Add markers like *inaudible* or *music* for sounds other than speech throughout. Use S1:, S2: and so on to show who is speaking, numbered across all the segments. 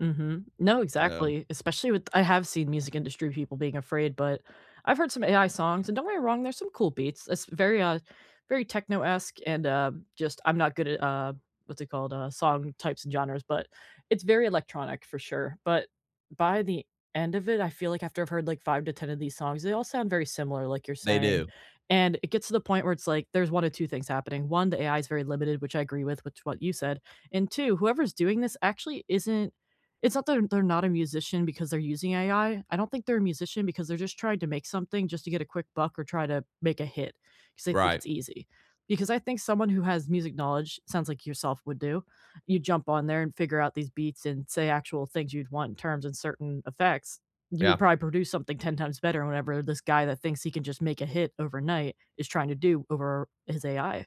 S1: Mhm. No,
S2: Um
S1: exactly. Especially with I have seen music industry people being afraid, but I've heard some AI songs, and don't get me wrong, there's some cool beats, esp very, uh, very techno-esque and, um, just I'm not good at, uh, what's it called? Uh, song types and genres, but it's very electronic for sure, but by the end of it, I feel like after I've heard, like, 5 to 10 of these songs, they all sound very similar, like you're
S2: They
S1: saying,
S2: do.
S1: and it gets to the point where it's like, there's 1 or 2 things happening. 1, the AI is very limited, which I agree with, which what you said, and 2, whoever's doing this actually isn't it's not that they're they're not a musician because they're using AI, I don't think they're a musician because they're just trying to make something just to get a quick buck or try to make a hit, 'cause they think
S2: Right.
S1: it's easy. Because I think someone who has music knowledge, sounds like yourself would do, you jump on there and figure out these beats and say actual things you'd want in terms and certain effects, you would
S2: Yeah.
S1: probably produce something 10 times better whenever this guy that thinks he can just make a hit overnight is trying to do over his AI.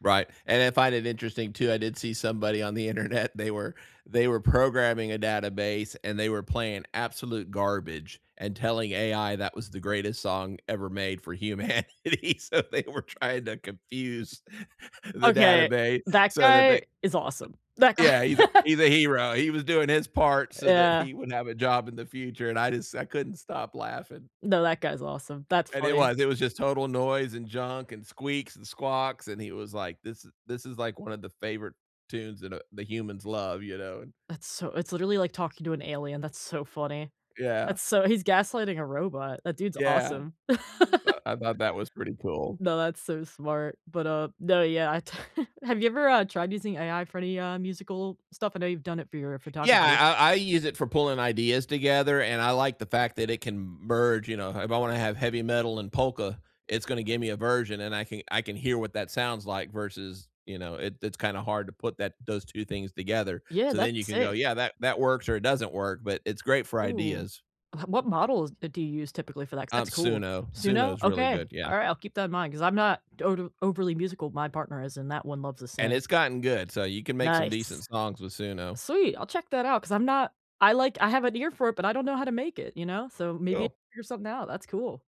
S2: Right, and I find it interesting too. I did see somebody on the internet, they were they were programming a database, and they were playing absolute garbage and telling AI that was the greatest song ever made for humanity. So they were trying to confuse *laughs* the
S1: Okay,
S2: database
S1: that
S2: so that they, uh
S1: guy is awesome. That
S2: Yeah, he's a
S1: guy *laughs*
S2: he's a hero. He was doing his part so that
S1: Yeah.
S2: he would have a job in the future, and I just I couldn't stop laughing
S1: Th that guy's awesome. That's
S2: and it
S1: funny.
S2: was. It was just total noise and junk and squeaks and squawks, and he was like, "This is This is, like, one of the favorite tunes that, uh, the humans love, you know and"
S1: That's so it's literally like talking to an alien. That's so funny.
S2: Yeah.
S1: That's so he's gaslighting a robot. That dude's
S2: Yeah.
S1: awesome. *laughs*
S2: Uh, I thought that was pretty cool.
S1: No, that's so smart, but, uh no, yeah, I t have you ever, uh, tried using AI for any, uh, musical stuff? I know you've done it for your
S2: Yeah.
S1: photography.
S2: I I I use it for pulling ideas together, and I like the fact that it can m merge, you know, ha if I wanna have heavy metal and polka, it's gonna give me a version, and I can I can hear what that sounds like versus, you know it it's kinda hard to put that those 2 things together,
S1: Yeah,
S2: so then
S1: that's
S2: you can go,
S1: sick.
S2: "Yeah, that that works or it doesn't work," but it's great for
S1: Ooh.
S2: ideas.
S1: *chuckles* What models, uh, do you use typically for that? 'Cause
S2: Um,
S1: that's cool.
S2: Suno.
S1: Suno?
S2: Suno's really good,
S1: Okay.
S2: yeah.
S1: Alright, I'll keep that in mind, 'cause I'm not total overly musical, my partner is, and that one loves to
S2: And
S1: sing.
S2: it's gotten good, so you can make some
S1: Nice.
S2: decent songs with Suno.
S1: Sweet. I'll check that out, 'cause I'm not I like I have an ear for it, but I don't know how to make it, you know? So maybe
S2: Cool.
S1: figure something out. That's cool.